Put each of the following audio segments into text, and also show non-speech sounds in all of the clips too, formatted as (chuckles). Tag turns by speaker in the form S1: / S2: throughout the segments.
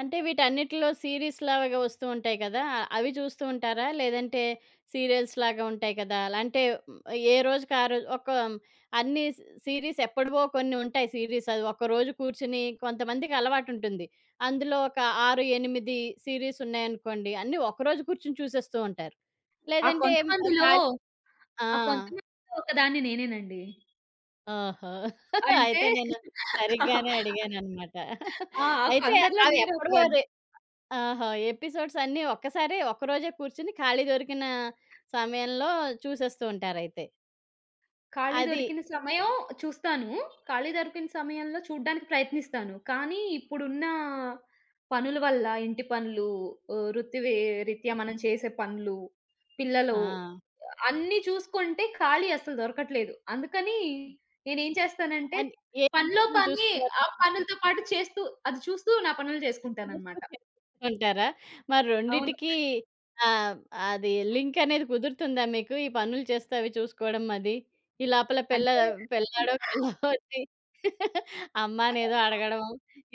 S1: అంటే వీటన్నిటిలో సీరీస్ లాగా వస్తూ ఉంటాయి కదా! అవి చూస్తూంటారా? లేదంటే సీరియల్స్ లాగా ఉంటాయి కదా! అలాంటివి ఏరోజుకారోజు ఒక అన్నీ సీ సీరీస్ ఎప్పటివో కొన్ని ఉంటాయి సీరీసవి. ఒకరోజు కూర్చొని కొంతమందికలవాటుంటుంది. అందులో ఒక 6, 8 సీరీస్ ఉన్నాయనుకోండి అన్నీ ఒకరోజు కూర్చొని చూసేస్తూ ఉంటారు.
S2: ఆ
S1: లేదంటే హ్మ్, ఆహ్,
S2: కొంతమందిలో,
S1: కాలి ఆ!
S2: ఆ కొంతమందిలో ఒకదాన్ని నేనేనండి.
S1: ఓహో!
S2: అంటే
S1: అయితే నేను
S2: (chuckles)
S1: సరిగ్గానే అడిగానన్నమాట.
S2: ఆ! ఆ
S1: అయితే
S2: కొందరిలో నేను
S1: అవేప్పడవో
S2: ఒకదాన్ని.
S1: అది. ఆహా! ఎపిసోడ్స్ అన్నీ ఒక్కసారి ఒక్కరోజే కూర్చొని ఖాళీ దొరికిన సమయంలో చూసేస్తూ ఉంటారయితే.
S2: ఖాళీ
S1: అది.
S2: దొరికిన సమయం చూస్తాను. ఖాళీ దొరికిన సమయంలో చూడానికి ప్రయత్నిస్తాను. కానీ ఇప్పుడున్న పనుల వల్ల ఇంటి పనులు, ఆహ్, వృత్తి‌వి రీత్యా మనం చేసే పనులు, పిల్లలు
S1: ఆ!
S2: అన్ని చూసుకుంటే ఖాళీ అసలు దొరకట్లేదు. అందుకని
S1: హ్మ్,
S2: నేనేం చేస్తానంటే,
S1: అని ఏ
S2: పనిలో
S1: (unintelligible)
S2: పని
S1: చూస్తున్నారు
S2: ఆ
S1: మీరు?
S2: పనులతో పాటు చేస్తూ, అది చూస్తూ నా పనులు చేసుకుంటాననమాట.
S1: (unintelligible) ఉంటారా?
S2: అవును.
S1: మరోండిటికి ఆహ్, అది లింకనేది కుదురుతుందా మీకు? ఈ పనులు చేస్తే అవి చూసుకోవడం అది. ఈ లోపల పి‌ల్ల
S2: అంటే
S1: పిల్లాడో పిల్లో వచ్చి (chuckles) అమ్మనేదో
S2: ఆ!
S1: అడగడం.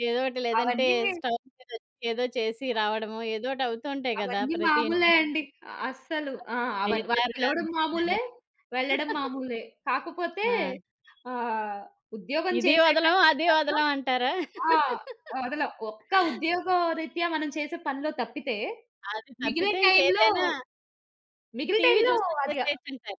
S1: ఏదోటి లేదంటే
S2: అవన్నీ మేం
S1: స్టవ్ మీద ఏదో చేసి రావడమో, ఏదోటి అవుతూంటాయి కదా
S2: అవన్నీ
S1: ప్రతి
S2: మామూలే
S1: ఇంట్లోను.
S2: అండీ. అస్సలు
S1: అ
S2: ఆ! అవ్ వాళ్ళు
S1: చేసారు కాని
S2: పిలవడం
S1: అంటారా.
S2: మామూలే, వెళ్ళడం
S1: (chuckles)
S2: మామూలే. కాకపోతే
S1: ఆ!
S2: ఆహ్, ఉద్యోగం
S1: ఇది
S2: చేసే
S1: వదలం,
S2: టైమ్‌లో
S1: అది
S2: కాక
S1: వదలం అంటారా?
S2: ఆ!
S1: (chuckles)
S2: వదలం ఒక్క ఉద్యోగం రీత్యా మనం చేసే పనులో తప్పితే,
S1: అది
S2: మిగిలే
S1: తప్పితే
S2: టైంలో,
S1: ఇంకేదైనా
S2: మిగిలిన
S1: టీవీ
S2: టైంలో
S1: చూస్తూ
S2: అది అ
S1: చేసేయొచ్చంటారు.